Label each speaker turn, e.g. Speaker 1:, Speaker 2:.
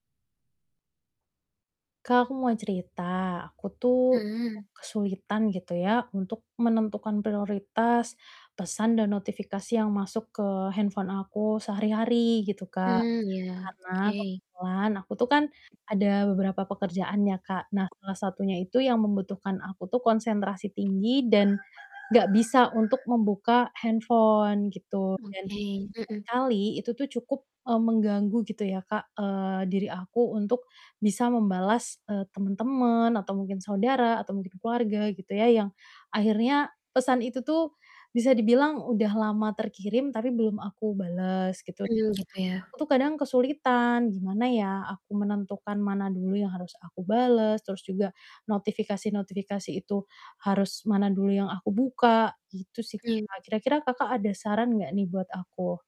Speaker 1: Kak, aku mau cerita. Aku tuh
Speaker 2: Mhm.
Speaker 1: cukup kesulitan gitu ya untuk menentukan prioritas pesan dan notifikasi yang masuk ke handphone aku sehari-hari gitu, Kak,
Speaker 2: Mmm, iya.
Speaker 1: karena
Speaker 2: Oke.
Speaker 1: kebetulan aku tuh kan ada beberapa pekerjaan ya, Kak, nah salah satunya itu yang membutuhkan aku tuh konsentrasi tinggi dan enggak bisa untuk membuka handphone gitu dan
Speaker 2: Oke. Mhm.
Speaker 1: seringkali itu tuh cukup, eee, mengganggu gitu ya, Kak, eee, diri aku untuk bisa membalas, eee, temen-temen atau mungkin saudara atau mungkin keluarga gitu ya yang akhirnya pesan itu tuh bisa dibilang udah lama terkirim, tapi belum aku balas gitu dan
Speaker 2: Mmm, gitu ya.
Speaker 1: aku tuh kadang kesulitan, gimana ya aku menentukan mana dulu yang harus aku balas, terus juga, Notifikasi-notifikasi itu harus mana dulu yang aku buka. Gitu sih,
Speaker 2: Iya.
Speaker 1: Kak. Kira-kira Kakak ada saran enggak nih buat aku?